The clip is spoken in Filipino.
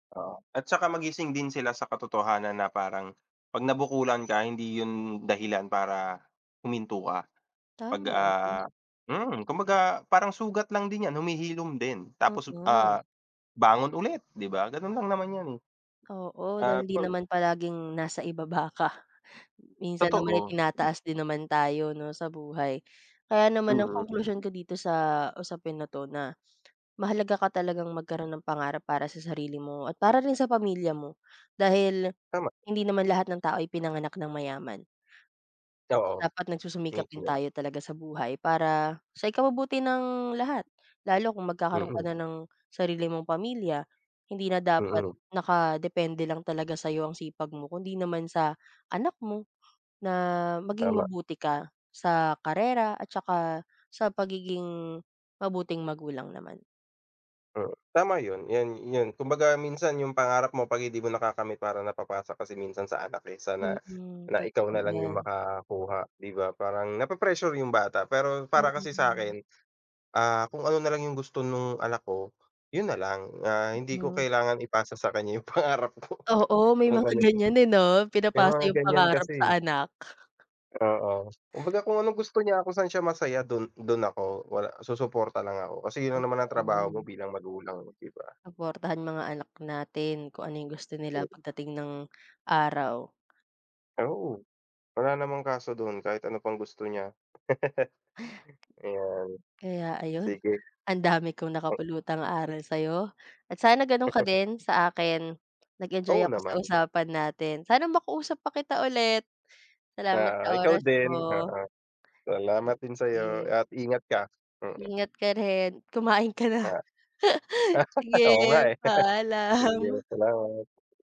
Oo, at saka magising din sila sa katotohanan na parang 'pag nabukulan ka hindi yun dahilan para huminto ka. Pag, Tama, yun ah, nga. mm, kumbaga parang sugat lang din yan, humihilom din. Tapos, Mm. ah, bangon ulit, di ba, ganun lang naman yan eh. Oo, Ah, dahil hindi pag naman palaging nasa ibaba ka. Minsan naman ay Totoo. M tinataas din naman tayo, 'no, sa buhay. Kaya naman ang Mm, konklusyon hmm. ko dito sa usapin na 'to na mahalaga ka talagang magkaroon ng pangarap para sa sarili mo at para rin sa pamilya mo. Dahil Tama. hindi naman lahat ng tao ay pinanganak nang mayaman. Oo. Dapat Me, nagsusumikap din too. tayo talaga sa buhay para sa ikabubuti ng lahat. Lalo kung magkakaroon ka Mm. na ng sarili mong pamilya, hindi na dapat Mm. nakadepende lang talaga sa'yo ang sipag mo kundi naman sa anak mo na maging Tama. mabuti ka sa karera at saka sa pagiging mabuting magulang naman. Mm, tama yun, yun yun kumbaga minsan yung pangarap mo 'pag hindi mo nakakamit parang napapasa kasi minsan sa anak eh, sana Mm, na ikaw totoo nalang yung yan. makakuha, di ba? Parang nape-pressure yung bata. Pero para kasi Oo. sa'kin, ah, kung ano nalang yung gusto nung anak ko, yun nalang na hindi ko Mm. kailangan ipasa sa kanya yung pangarap ko Oo, may yung mga ganun. ganiyan eh 'no, May pinapasa mga yung ganiyan pangarap kasi eh. sa anak. Oo, kumbaga kung anong gusto niya, kung saan siya masaya, dun dun ako wala susuporta lang ako. Kasi yun naman Totoo ang trabaho mo yan. bilang magulang, 'no, di ba? Suportahan mga anak natin kung ano yung gusto Hmm. nila pagdating ng araw. Oo, wala namang kaso dun kahit ano pang gusto niya. Ayun. Kaya ayun, Sige. ang dami kong Hmm. nakapulutang aral sa'yo at sana ganun ka din sa akin. Nag-enjoy Oo ako sa naman. usapan natin. Sana makausap pa kita ulit. Salamat sa Oo, ikaw oras din. mo. Ah, salamat din sa'yo Sige. at ingat ka, mm. Ingat ka rin. Kumain ka na. Ah. Oo nga Sige, eh. paalam. Sige, salamat.